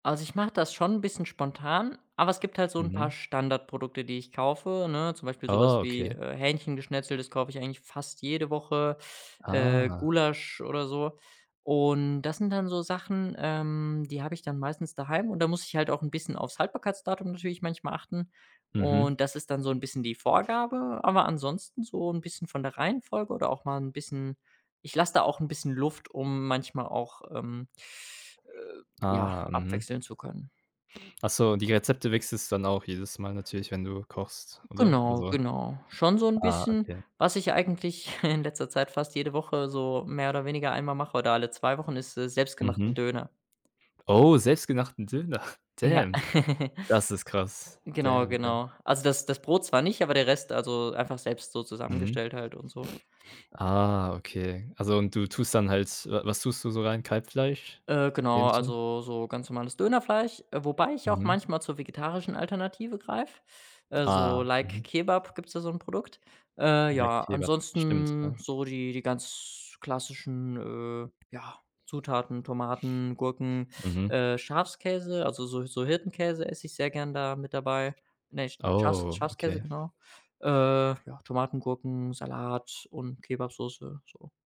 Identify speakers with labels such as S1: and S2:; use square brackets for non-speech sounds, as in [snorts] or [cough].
S1: Also, ich mache das schon 'n bisschen spontan, aber es gibt halt so 'n paar
S2: Mhm.
S1: Standardprodukte, die ich kaufe, ne? Zum Beispiel so was wie,
S2: Okay.
S1: äh, Hähnchengeschnetzeltes kaufe ich eigentlich fast jede Woche äh,
S2: Ah.
S1: Gulasch oder so, und das sind dann so Sachen, ähm, die habe ich dann meistens daheim und da muss ich halt auch 'n bisschen aufs Haltbarkeitsdatum natürlich manchmal achten
S2: Mhm.
S1: und das ist dann so 'n bisschen die Vorgabe, aber ansonsten so 'n bisschen von der Reihenfolge oder auch mal 'n bisschen ich lasse da auch 'n bisschen Luft, um manchmal auch, ähm, äh, ja,
S2: Ah, mhm.
S1: abwechseln zu können.
S2: Ach so, und die Rezepte wechselst du dann auch jedes Mal natürlich, wenn du kochst, oder?
S1: Genau,
S2: Also
S1: genau, schon so 'n
S2: ah,
S1: bisschen.
S2: okay.
S1: Was ich eigentlich [snorts] in letzter Zeit fast jede Woche so mehr oder weniger einmal mache oder alle 2 Wochen, ist, äh, selbst gemachten
S2: Mhm.
S1: Döner.
S2: Oh, selbstgemachten Döner,
S1: Ja.
S2: damn. Das ist
S1: [chuckles]
S2: krass,
S1: Genau,
S2: damn, damn.
S1: genau. Also, das das Brot zwar nicht, aber der Rest, also einfach selbst so
S2: Mhm.
S1: zusammengestellt halt und so.
S2: Ah, okay. Also, und du tust dann halt w was tust du so rein Kalbfleisch?
S1: Äh, genau,
S2: Hähnchen?
S1: also so ganz normales Dönerfleisch, wobei ich auch
S2: Mhm.
S1: manchmal zur vegetarischen Alternative greife so
S2: Ah,
S1: Like
S2: mhm.
S1: Kebab gibt's da so 'n Produkt. Äh,
S2: Like
S1: ja,
S2: Kebab, stimmt
S1: ansonsten
S2: ja.
S1: so die die ganz klassischen, äh, ja, Zutaten Tomaten, Gurken,
S2: Mhm.
S1: äh, Schafskäse, also so so Hirtenkäse esse ich sehr gern da mit dabei ne Schafs
S2: Oh,
S1: Schafskäse,
S2: okay.
S1: genau, äh, ja, Tomaten, Gurken, Salat und Kebabsoße, so.